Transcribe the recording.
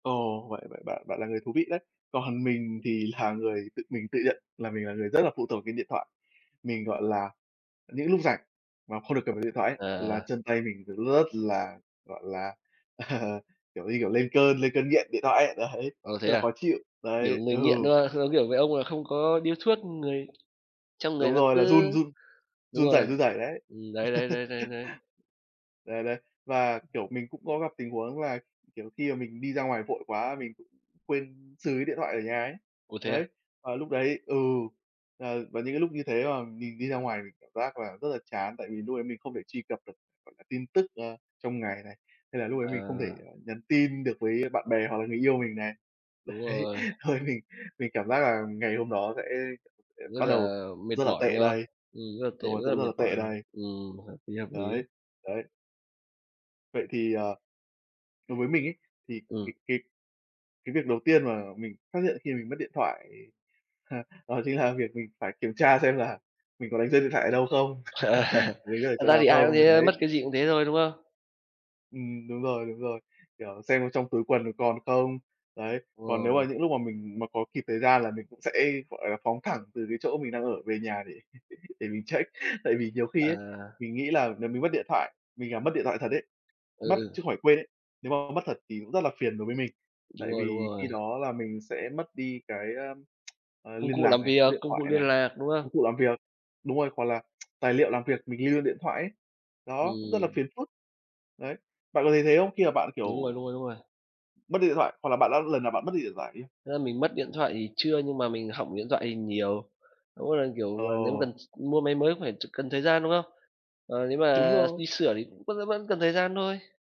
Ồ, vậy vậy bạn bạn là người thú vị đấy. Còn mình thì là người tự mình tự nhận là mình là người rất là phụ thuộc cái điện thoại. Mình, gọi là, những lúc rảnh mà không được cầm vào điện thoại ấy là Ờ. chân tay mình rất là, gọi là, à, kiểu như, kiểu, lên cơn lên cơn nghiện điện thoại ấy, đấy, Ồ, thế rất là à? khó chịu. Kiểu, Đấy, người ừ. nghiện, đúng hông? Giống kiểu mấy ông là không có điếu thuốc người trong người Đúng nó rồi, cứ là run run đúng run rẩy rồi. run rẩy, đấy. Ừ, đấy, đấy, đấy, đấy, đấy. Đấy, đấy. Và, kiểu, mình cũng có gặp tình huống là, kiểu, khi mà mình đi ra ngoài vội quá mình cũng quên xừ cái điện thoại ở nhà ấy. Ủa, thế à? Đấy, và lúc đấy ừ, ờ, và những cái lúc như thế mà mình đi ra ngoài mình cảm giác là rất là chán tại vì lúc đấy mình không thể truy cập được, gọi là, tin tức, ờ, trong ngày này, hay là lúc đấy mình không thể Ờ. nhắn tin được với bạn bè hoặc là người yêu mình này. Đúng Đấy, rồi. thôi mình mình cảm giác là ngày hôm đó sẽ Rất bắt đầu là mệt rất là mỏi, đúng tệ không? đây, Ừ, rất là tệ, đúng rồi, rất sẽ là rất mệt là mỏi tệ rồi, đây. ừm, hợp lý, hợp lý. Đấy, đấy. Vậy thì, ờ, đối với mình ấy, thì Ừm. cái cái cái việc đầu tiên mà mình phát hiện khi mình mất điện thoại, đó chính là việc mình phải kiểm tra xem là mình có đánh rơi điện thoại ở đâu không, đánh rơi ở Thật chỗ ra nào thì ai cũng không? thế thôi, mất Đấy. cái gì cũng thế thôi, đúng không? Ừm, đúng rồi, đúng rồi. Kiểu, xem trong túi quần còn không? Đấy, Đúng còn nếu rồi. mà những lúc mà mình mà có kịp thời gian là mình cũng sẽ, gọi là, phóng thẳng từ cái chỗ mình đang ở về nhà để để mình check. Tại vì nhiều khi Ờ. ấy, mình nghĩ là nếu mình mất điện thoại mình làm mất điện thoại thật ấy Ừ, mất chứ ừ. không phải quên ấy, nếu mà mất thật thì cũng rất là phiền đối với mình. Đúng Tại rồi, đúng vì khi rồi. đó là mình sẽ mất đi cái, ờ, ờ, Công liên cụ lạc làm này, số việc, điện công cụ thoại liên này, lạc, đúng công không? cụ làm việc, đúng rồi, hoặc là tài liệu làm việc mình lưu luôn điện thoại ấy. Đó, cũng rất là Ừm. phiền phức. Đấy, bạn có thấy thế không? Khi mà bạn, kiểu, Đúng rồi, đúng rồi, đúng rồi. mất đi điện thoại hoặc là bạn đã lần nào bạn mất đi điện thoại chưa? Thế là mình mất điện thoại thì chưa, nhưng mà mình hỏng điện thoại thì nhiều. Mỗi một lần, kiểu mà, nếu mà Ồ! cần s mua máy mới cũng phải ch cần thời gian, đúng không? Ờ, nếu Đúng mà rồi. đi sửa thì vẫn vẫn cần thời gian thôi.